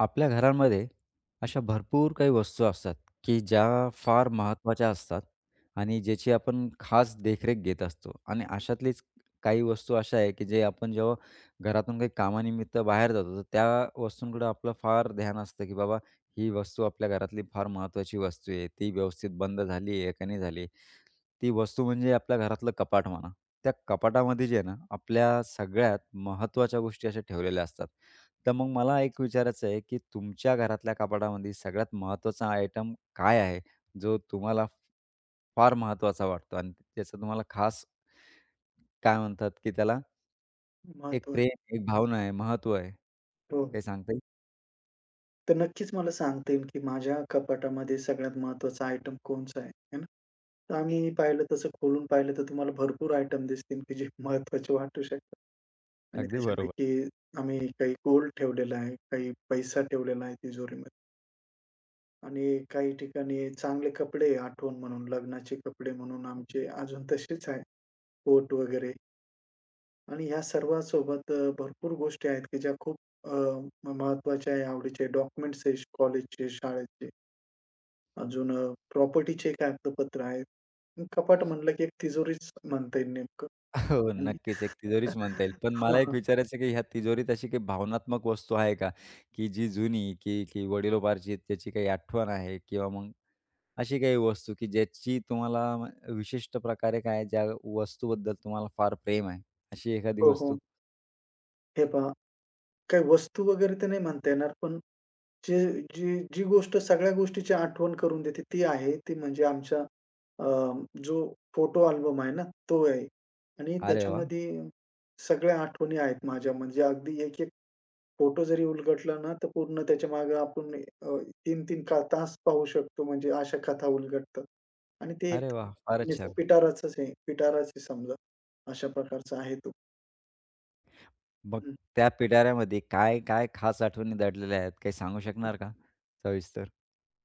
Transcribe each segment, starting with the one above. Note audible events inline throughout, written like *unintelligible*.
आपल्या घरांमध्ये अशा भरपूर काही वस्तू असतात, की ज्या फार महत्त्वाच्या असतात. आणि ज्याची आपण खास देखरेख घेत असतो. आणि अशातलीच काही वस्तू अशा आहे, की जे आपण जेव्हा घरातून काही कामानिमित्त बाहेर जातो, तर त्या वस्तूंककडं आपलं फार ध्यान असतं, की बाबा ही वस्तू आपल्या घरातली फार महत्त्वाची वस्तू आहे. ती व्यवस्थित बंद झाली आहे का, का नाही झाली आहे? ती वस्तू म्हणजे आपल्या घरातलं कपाट म्हणा. त्या कपाटामध्ये जे आहे ना आपल्या सगळ्यात महत्त्वाच्या गोष्टी अशा ठेवलेल्या असतात. तर मग मला एक विचारायचं आहे की तुमच्या घरातल्या कपाटामध्ये सगळ्यात महत्वाचा आयटम काय आहे जो तुम्हाला फ फार महत्वाचा वाटतो आणि त्याचा तुम्हाला खास काय म्हणतात की त्याला एक महत्त्व आहे. प्रेम, एक भावना आहे, महत्व आहे. हो, हो. काही सांगता येईल? तर नक्कीच मला सांगता येईल, की माझ्या कपाटामध्ये सगळ्यात महत्वाचं आयटम कोणतं आहे, है ना. तर आम्ही पाहिलं तसं खोलून पाहिलं तर तुम्हाला भरपूर आयटम दिसतील, की जे महत्वाचे वाटू शकतात. आणि अगदी बरोबर. त्याच्यापैकी आम्ही काही गोल्ड ठेवलेलं आहे, काही पैसा ठेवलेला आहे तिजोरीमध्ये. आणि काही ठिकाणी चांगले कपडे आठवण म्हणून लग्नाचे कपडे म्हणून आमचे अजून तसेच आहे. कोट वगैरे. आणि ह्या सर्वांसोबत अ, भरपूर गोष्टी आहेत की ज्या खूप अ, म महत्वाच्या आहे, आवडीचे आहे. डॉक्युमेंट्स आहे कॉलेजचे, शाळेचे. अजून अ, प्रॉपर्टीचे एक कागदोपत्र आहेत. कपाट म्हटलं की तिजोरीच म्हणता येईल नेमकं *chuckles* हो, आणि नक्कीच. एक तिजोरीच म्हणता येईल. *chuckles* पण हां, मला एक हां. विचारायचं की ह्या तिजोरीत अशी काही भावनात्मक वस्तू आहे का? की जी जुनी, की ती वडीलोपार्जित त्याची काही आठवण आहे किंवा मग अशी काही वस्तू की ज्याची तुम्हाला म विशिष्ट प्रकारे काय ज्या वस्तूबद्दल तुम्हाला फार प्रेम आहे अशी एखादी हो, हो. वस्तू? हे पहा. काही वस्तू वगैरे तर नाही म्हणता येणार. पण जे जी जी गोष्ट सगळ्या गोष्टीची आठवण करून देते ती आहे. ती म्हणजे आमच्या अ, जो फोटो अल्बम आहे ना तो आहे. आणि अरे वाह! त्याच्यामध्ये सगळ्या आठवणी आहेत माझ्या म्हणजे अगदी एक, एक फोटो जरी उलगडलं ना, तर पूर्ण त्याच्यामागे आपण अ, 3-3 तास पाहू शकतो म्हणजे अशा कथा उलगडतात. आणि ते एक अरे वाह! फारच कुणी जो छान. पिटाराचंच आहे, पिटाराच आहे समजा. अशा प्रकारचा आहे तो. हं, मग हं. त्या पिटाऱ्यामध्ये काय-काय खास आठवणी दडलेल्या आहेत? काही सांगू हं. शकणार का सविस्तर?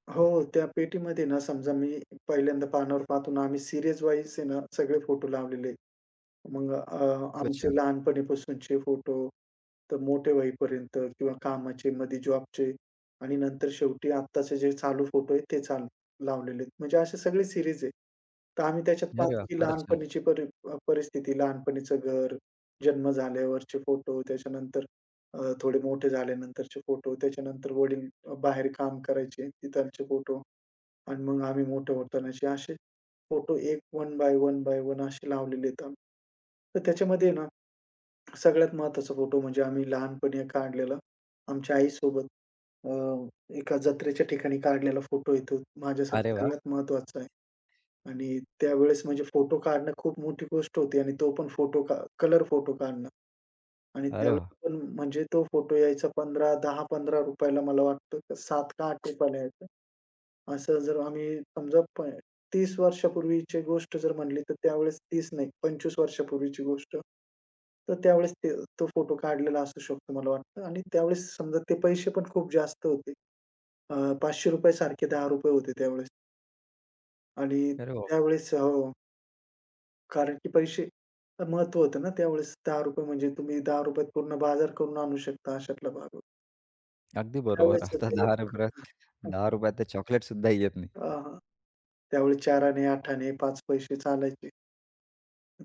हो. त्या पेटीमध्ये ना समजा मी पहिल्यांदा पानावर पाहतो ना, आम्ही सीरीजवाईज आहे ना, सगळे फोटो लावलेले आहेत. मग अ, खूपच आमचे छान. लहानपणीपासूनचे फोटो तर मोठ्या होईपर्यंत किंवा कामाचेमध्ये जॉबचे आणि नंतर शेवटी आत्ताचे जे चालू फोटो आहेत ते चालू लावलेले आहेत. म्हणजे असे सगळे सीरीज आहे. तर आम्ही त्याच्यात अरे पाहतो वाह! की फारच छान. लहानपणीची परी अ, परिस्थिती लहानपणीच घर, जन्म झाल्यावरचे फोटो त्याच्यानंतर अ, थोडे मोठे झाल्यानंतरचे फोटो, त्याच्यानंतर वडील बाहेर काम करायचे तिकडचे फोटो अन मग आम्ही मोठे होतानाचे असे फोटो एक one by one by one असे लावलेले आहेत आम्ही. तर त्याच्यामध्ये आहे ना, सगळ्यात महत्वाचा फोटो म्हणजे आम्ही लहानपणी एक काढलेला आमच्या आईसोबत. अ, एका जत्रेच्या ठिकाणी काढलेला फोटो आहे तो. माझ्यासाठी अरे वाह! सगळ्यात महत्वाचा आहे. आणि त्यावेळेस म्हणजे फोटो काढणं खूप मोठी गोष्ट होती आणि तो पण फोटो का कलर फोटो काढणं. आणि अरे वाह! त्यावेळेसपण म्हणजे तो फोटो यायचा 15 ₹10- ₹15 ला मला वाटतं 7 का ₹8 ला यायचं. असं जर आम्ही समजा प 30 वर्षापूर्वीची गोष्ट जर म्हटली तर त्यावेळेस 30 नाही 25 वर्षापूर्वीची गोष्ट, तर त्यावेळेस ते तो फोटो काढलेला असू शकतो मला वाटतं. आणि त्यावेळेस समजा ते पैसेपण खूप जास्त होते. अ, ₹500 सारखे ₹10 होते त्यावेळेस. आणि अरे बाप! त्यावेळेस हो. कारण की पैसे महत्त्व होतं ना त्यावेळेस. ₹10 म्हणजे तुम्ही ₹10 त पूर्ण बाजार करून आणू शकता, अशातला भाग होता. अगदी बरोबर, त्यावेळेस आता ते दहा एक, रुपये त हं. ₹10 त तर चॉकलेटसुद्धा येत नाही. अ, हां. त्यावेळी चाराने, आठाने, 5 पैसे चालायचे.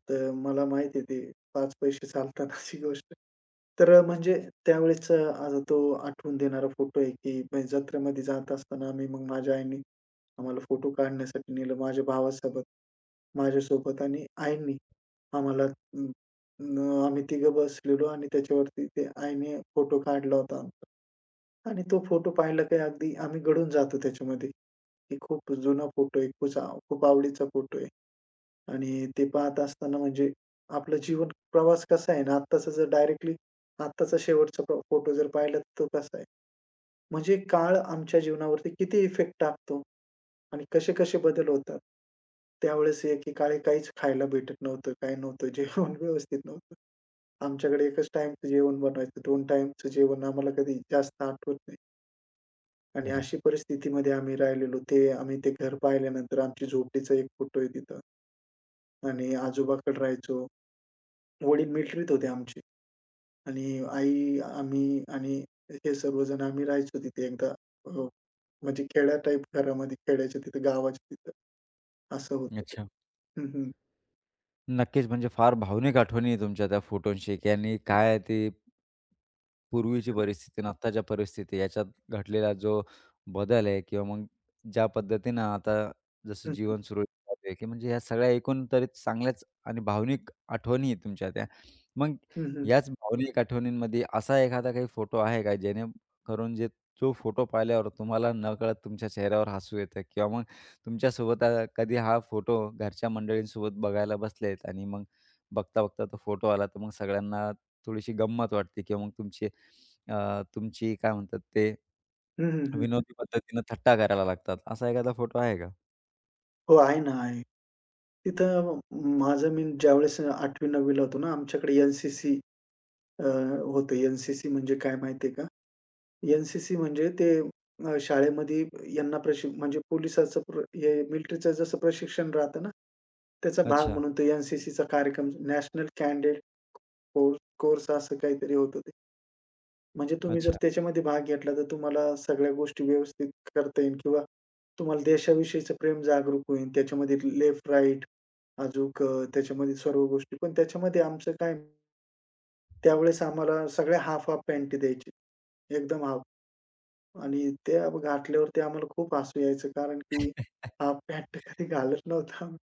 तर मला माहिती आहे ते 5 पैसे चालतानाची गोष्ट. तर अ, म्हणजे त्यावेळेसचं अ, तो आठवून देणारा फोटो आहे, की म्हणजे जत्रेमध्ये जात असताना आम्ही मग माझ्या आईनी, आम्हाला फोटो काढण्यासाठी नेलं. माझ्या भावासोबत, माझ्यासोबत आणि आईनी आम्हाला अं, न आम्ही तिघं बसलेलो आणि त्याच्यावरती ते आईने फोटो काढला होता आमचा. आणि तो फोटो पाहिला, की अगदी आम्ही गडून जातो त्याच्यामध्ये. एक खूप जुना फोटो आहे, *unintelligible* खूप आवडीचा फोटो आहे आणि ते पाहत असताना म्हणजे आपला जीवन प्रवास कसा आहे ना आत्ताचा जर डायरेक्टली आत्ताचा शेवटचा फो फोटो जर पाहिला, तर तो कसा आहे, म्हणजे काळ आमच्या जीवनावरती किती इफेक्ट टाकतो आणि कसे-कसे बदल होतात. त्यावेळेस एकीकाळी काहीच खायला भेटत नव्हतं, काही नव्हतं जेवण व्यवस्थित नव्हतं. आमच्याकडे एकच टाईमचं जेवण बनवायचं, 2 टाईमचं जेवण आम्हाला कधी जास्त आठवत नाही. आणि अरे. अशी परिस्थितीमध्ये आम्ही राहिलेलो. ते आम्ही ते घर पाहिल्यानंतर, आमच्या झोपडीचा एक फोटो आहे तिथं. आणि आजोबांकडे राहायचो. वडील मिलक्ट्रीत होते आमचे. आणि आई, आम्ही आणि हे सर्वजण आम्ही राहायचो तिथे एकदा. हो. म्हणजे खेड्या टाइप घरामध्ये, खेड्याच्या तिथे, गावाच्या तिथं. असं होतं ते. अच्छा. हं, हं. नक्कीच. म्हणजे फार भावनिक आठवणी आहे तुमच्या त्या फोटोशी की यांनी काय आहे ते पूर्वीची परिस्थिती आणि आत्ताच्या परिस्थिती याच्यात घडलेला जो बदल आहे किंवा मग ज्या पद्धतीनं आता जसं हं, हं. जीवन सुरळीत चालू आहे, की म्हणजे ह्या सगळ्या एकूण तरी चांगल्याच आणि भावनिक आठवणी आहेत तुमच्या त्या. मग हं, हं. याच भावनिक आठवणींमध्ये असा एखादा काही फोटो आहे का जेणेकरून जे जो फोटो पाहिल्यावर तुम्हाला नकळत तुमच्या चेहऱ्यावर हसू येतं किंवा तुमच्यासोबत अ, कधी हा फोटो घरच्या मंडळींसोबत बघायला बसलेत आणि मग बघता-बघता तो फोटो आला, तर मग सगळ्यांना थोडीशी गंमत वाटते किंवा मग तुमचे अ, तुमची काय म्हणतात ते? हं, हं, हं, हं. विनोदी पद्धतीने थट्टा करायला लागतात, असा एखादा फोटो आहे का? हो, आहे ना आहे. तिथं अ, माझं मी ज्यावेळेस 8वी-9वी ला होतो ना. आमच्याकडे एन-सी-सी, अ, होतं एन-सी-सी म्हणजे काय माहिती आहे का? एन-सी-सी म्हणजे ते अ, शाळेमध्ये यांना प्रशि म्हणजे पोलिसाचं प्र हे मिलिटरीचं जसं प्रशिक्षण राहतं ना, त्याचा भाग अच्छा. म्हणून तो एन-सी-सीचा कार्यक्रम नॅशनल कँडिडेट कोर कोर्स असं काहीतरी होतं ते. म्हणजे तुम्ही जर अच्छा. त्याच्यामध्ये भाग घेतला, तर तुम्हाला सगळ्या गोष्टी व्यवस्थित करता येईल किंवा तुम्हाला देशाविषयीचं प्रेम जागरूक होईल. त्याच्यामध्ये लेफ्ट राइट अजून त्याच्यामध्ये सर्व गोष्टी पण त्याच्यामध्ये आमचं काय त्यावेळेस आम्हाला सगळ्या हाफ-हाफ पँटी द्यायची. एकदम हाफ. आणि ते घातल्यावरती आम्हाला खूप हसू यायचं. कारण की हाफ पँट कधी *chuckles* घालत नव्हतो आम्ही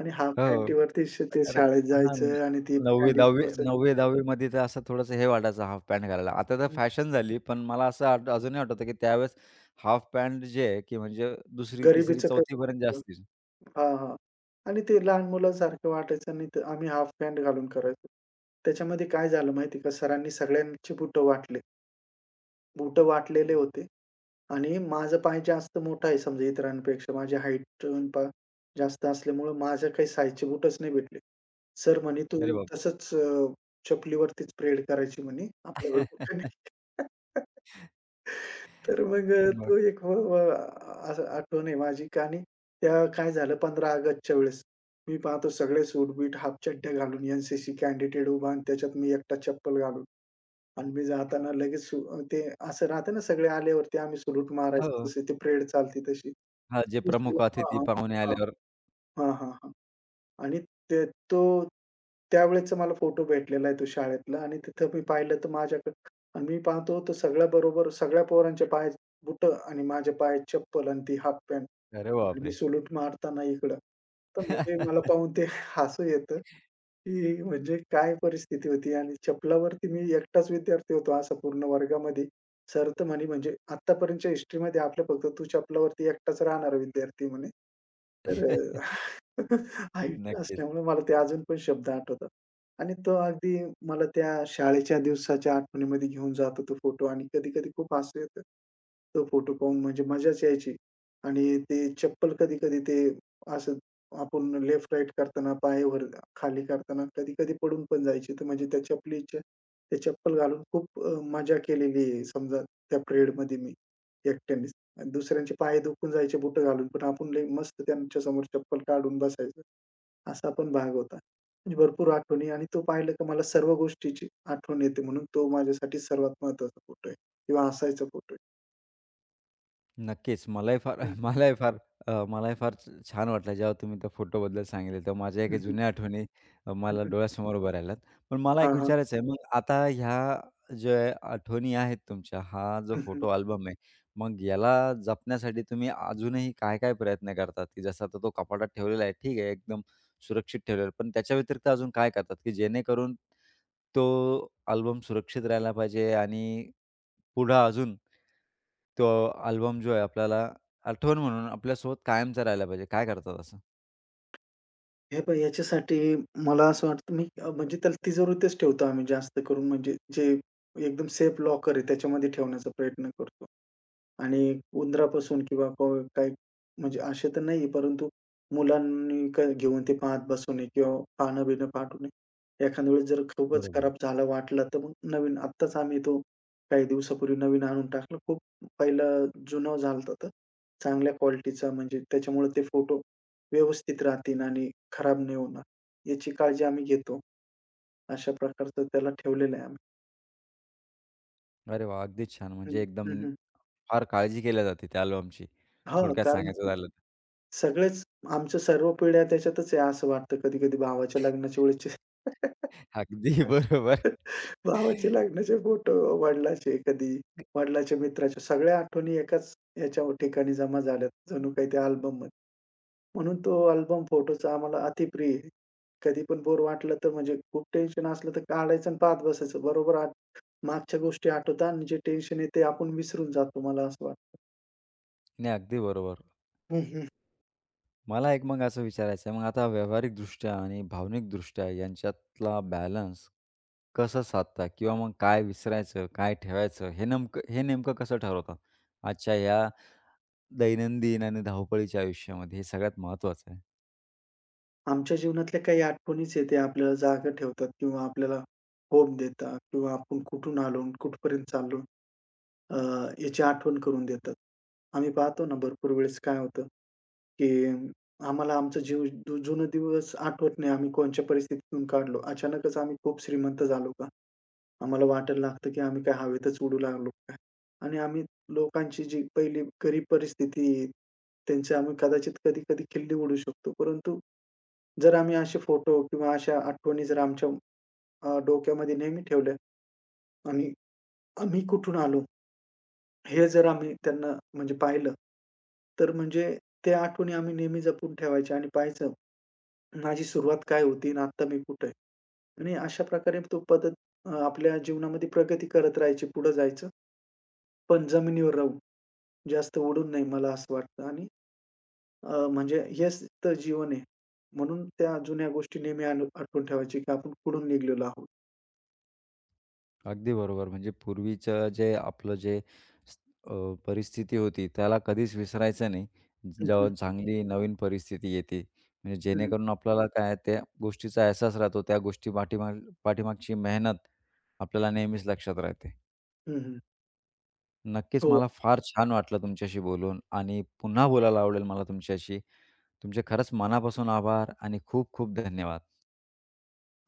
आणि हाफ हो. अ पँटीवरती ते अरे! शाळेत हां, जायचं आणि ते 9वी-10वी पँटवर शर्ट. 9वी-10वी मध्ये तर असं थोडंसं हे वाटायचं हाफ पॅन्ट घालायला आता तर हं, हं. फॅशन झाली. पण मला हं, असं हं. अजूनही आठवतं की त्यावेळेस हाफ पॅन्ट जे आहे की म्हणजे दुसरी तिसरी गरीबीचं तर चौथी पर्यंतचे *unintelligible* असतील. हां, हां. आणि ते लहान मुलासारखं वाटायचं आणि ते आम्ही हाफ पँट घालून करायचो. त्याच्यामध्ये काय झालं माहिती का सरांनी सगळ्यांची बुटं वाटले. बूटं वाटलेले होते आणि माझं पाय जास्त मोठं आहे समजा इतरांपेक्षा माझी हाईट पण पहा. जास्त असल्यामुळं माझ्या काही साइजचे बूटच नाही भेटले. सर म्हणे, "तू अरे बापरे! तसंच अ, चपलीवरतीचं परेड करायची म्हणे आपल्याकडे बुटं *chuckles* नाहीत." *laughs* तर मग अ, मग? तो एक हो अ, असं आठवण आहे माझी. आणि तेव्हा काय झालं 15 ऑगस्टच्या वेळेस मी पाहतो सगळे सूट-बीट हाफ चड्ड्या घालून एन-सी-सी कॅंडिडेट उभा आणि त्याच्यात मी एकटा चप्पल घालून. आणि मी जाताना लगेच ते असं राहतं ना, सगळे आल्यावरती आम्ही सॅलुट मारायचं हो. जशी ती परेड चालते तशी. हां. जे प्रमुख *unintelligible* अतिथी हां. पाहुणे आल्यावर. हां, हां. आणि ते तो त्यावेळेचा मला फोटो भेटलेला आहे, तो शाळेतला आणि तिथं मी पाहिलं तर माझ्याकडं आणि मी पाहतो तो सगळ्याबरोबर सगळ्या पोरांच्या पायात बुटं आणि माझ्या पायात चप्पल आणि ती हाफ पॅन्ट अरे आणि मी बापरे! सॅलुट मारताना इकडं. तर म्हणजे मला *chuckles* पाहून ते हसू येतं की म्हणजे काय परिस्थिती होती आणि चपलावरती मी एकटाच विद्यार्थी होतो असं पूर्ण वर्गामध्ये. सर तर म्हणे म्हणजे "आत्तापर्यंतच्या हिस्ट्रीमध्ये आपलं फक्त तू चपलावरती एकटाच राहणारा विद्यार्थी," आहे म्हणे. तर अ, *chuckles* *chuckles* हाईट नक्कीच. असल्यामुळे मला ते अजून पण शब्द आठवतात. आणि तो अगदी मला त्या शाळेच्या दिवसाच्या आठवणीमध्ये घेऊन जातो तो फोटो आणि कधी-कधी खूप हसू येतं. तो फोटो पाहून म्हणजे मजाच यायची. आणि ते चप्पल कधी-कधी ते असं आपण लेफ्ट-राइट करतांना, पाय वर-खाली करतांना, कधी-कधी पडून पण जायची, तर म्हणजे त्या चपलीच्या ते चप्पल घालून खूप अ, मजा केलेली आहे, समजा त्या परेडमध्ये मी एकट्यानेच. आणि दुसऱ्यांचे पाय दुखून जायचे बुट घालून. पण आपण लई मस्त त्यांच्या समोर चप्पल काढून बसायचं. असा पण भाग होता. म्हणजे भरपूर आठवणी आणि तो पाहिलं की मला सर्व गोष्टीची आठवण येते म्हणून तो माझ्यासाठी सर्वात महत्वाचा फोटो आहे. किंवा हसायचा फोटो आहे. नक्कीच, मलाही फार हं. *chuckles* अ, मलाही फार अ, मलाही फार छा छान वाटलं. जेव्हा तुम्ही त्या फोटोबद्दल सांगितले तेव्हा. माझ्या हं, काही हं. जुन्या आठवणी हं, मला हं. डोळ्यासमोर उभ्या राहिल्यात. पण मला एक हां, हां. विचारायचं आहे, मग आता ह्या अ, ज्या आठवणी आहेत, तुमच्या हा जो हं, हं. फोटो अल्बम आहे. मग याला जपण्यासाठी तुम्ही अजूनही काय-काय प्रयत्न करतात? की जसं आता तो कपाटात ठेवलेला आहे, ठीक आहे. एकदम सुरक्षित ठेवलेला आहे. पण त्याच्या व्यतिरिक्त अजून काय करतात? की जेणेकरून तो अल्बम सुरक्षित राहिला पाहिजे, आणि पुढं अजून तो अल्बम जो आहे, आपल्याला आठवण म्हणून आपल्यासोबत कायमचा राहायला पाहिजे. काय करतात असं? हे पहा ह्याच्यासाठी मला असं वाटतं, मी अ, म्हणजे त्याला तिजोरीतच ठेवतो आम्ही जास्त करून. म्हणजे जे एकदम सेफ लॉकर आहे त्याच्यामध्ये ठेवण्याचा प्रयत्न करतो. आणि उंदरापासून किंवा काही म्हणजे असे तर नाही आहे, परंतु मुलांनी काय घेऊन ते पाहत बसू नये किंवा पानं-बीनं फाटू नये. एखाद्या वेळेस जर खूपच बरोबर. खराब झालं वाटलं, तर मग नवीन आत्ताच आम्ही तो काही दिवसापूर्वी नवीन आणून टाकलं. खूप पाहिलं जुनं झालं होतं तर. चांगल्या क्वालिटीचा म्हणजे त्याच्यामुळे ते फोटो व्यवस्थित राहतील, आणि खराब नाही होणार याची काळजी आम्ही घेतो. अशा प्रकारचं त्याला ठेवलेलं आहे आम्ही. अरे वाह. अगदीच छान. हं, म्हणजे एकदम हं, हं. फार काळजी केली जाते त्या अल्बमची. हां. थोडक्यात कारण सांगायचं की झालं तर. सगळेच आमच्या सर्व पिढ्या त्याच्यातच आहे असं वाटतं कधी-कधी भावाच्या लग्नाच्या *laughs* वेळेसचे अगदी *laughs* बरोबर. भावाचे लग्नाचे फोटो वडिलांचे कधी, *unintelligible* वडिलांच्या मित्राच्या सगळ्या आठवणी एकाच ह्याच्या ठिकाणी जमा झाल्यात, जणू काही त्या अल्बममध्ये. म्हणून तो अल्बम फोटोचा आम्हाला अतिप्रिय आहे. कधीपण बोर वाटलं तर म्हणजे, खूप टेन्शन असलं तर काढायचं आणि पाहत बसायचं. बरोबर आठ मागच्या गोष्टी आठवतात आणि जे टेन्शन आहे ते आपण विसरून जातो, मला असं वाटतं. नाही, अगदी बरोबर. हं, हं. मला एक मग असं विचारायचं आहे. मग आता व्यावहारिक दृष्ट्या आणि भावनिक दृष्ट्या यांच्यातला बॅलन्स कसं साधता? किंवा मग काय विसरायचं, काय ठेवायचं, हे नेमकं हे नेमकं कसं ठरवतात? आजच्या या, दैनंदिन आणि धावपळीच्या आयुष्यामध्ये हे सगळ्यात महत्वाचं आहे. आमच्या जीवनातल्या काही आठवणीच आहेत, ते आपल्याला जागं ठेवतात किंवा आपल्याला होप देतात किंवा आपण कुठून आलो कुठपर्यंत चाललो अ, याची आठवण करून देतात. आम्ही पाहतो ना भरपूर वेळेस काय होतं, की आम्हाला आमचं जीव जुनं दिवस आठवत नाही आम्ही कोणत्या परिस्थितीतून काढलो. अचानकच आम्ही खूप श्रीमंत झालो का. आम्हाला वाटायला लागतं की आम्ही काय हवेतच उडू लागलो की काय. आणि आम्ही लोकांची जी पहिली गरीब परिस्थिती आहे. त्यांची आम्ही कदाचित कधी-कधी खिल्ली उडवू शकतो. परंतु, जर आम्ही असे फोटो किंवा अशा आठवणी जर आमच्या अ, डोक्यामध्ये नेहमी ठेवल्या. आणि आम्ही कुठून आलो? हे जर आम्ही त्यांना म्हणजे पाहिलं, तर म्हणजे त्या आठवणी आम्ही नेहमी जपून ठेवायच्या आणि पहायचं, माझी सुरुवात काय होती आणि आत्ता मी कुठे आहे. आणि अशा प्रकारे तो पद्धत अ, आपल्या जीवनामध्ये प्रगती करत राहायची पुढं जायचं. पण जमिनीवर राहून, जास्त उडून नाही मला असं वाटतं. आणि अ, म्हणजे हेच तर जीवन आहे. म्हणून त्या जुन्या गोष्टी नेहमी आम्ही आठवून ठेवायची, की आपण कुठून निघालेलो आहोत. अगदी बरोबर. म्हणजे पूर्वीचं जे आपलं जे स अ, परिस्थिती होती त्याला कधीच विसरायचं नाही. हं, जेव्हा हं. चांगली नवीन परिस्थिती येते म्हणजे हं, हं. जेणेकरून आपल्याला काय आहे त्या गोष्टीचा अहसास राहतो त्या गोष्टी पाठीमाग पाठीमागची मेहनत आपल्याला नेहमीच लक्षात राहते. हं, हं. नक्कीच. हो. मला फार छान वाटलं तुमच्याशी बोलून आणि पुन्हा बोलायला आवडेल मला तुमच्याशी. तुमचे खरंच मनापासून आभार आणि खूप खूप धन्यवाद.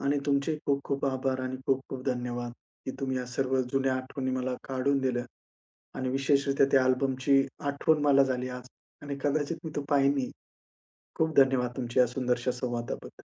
आणि तुमचे खूप खूप आभार आणि खूप खूप धन्यवाद, की तुम्ही या सर्व जुन्या आठवणी मला काढून दिल्यां. आणि विशेषरीत्या त्या अल्बमची आठवण मला झाली आज आणि कदाचित मी तो पाहीनही. खूप धन्यवाद तुमच्या या सुंदरशा संवादाबद्दल.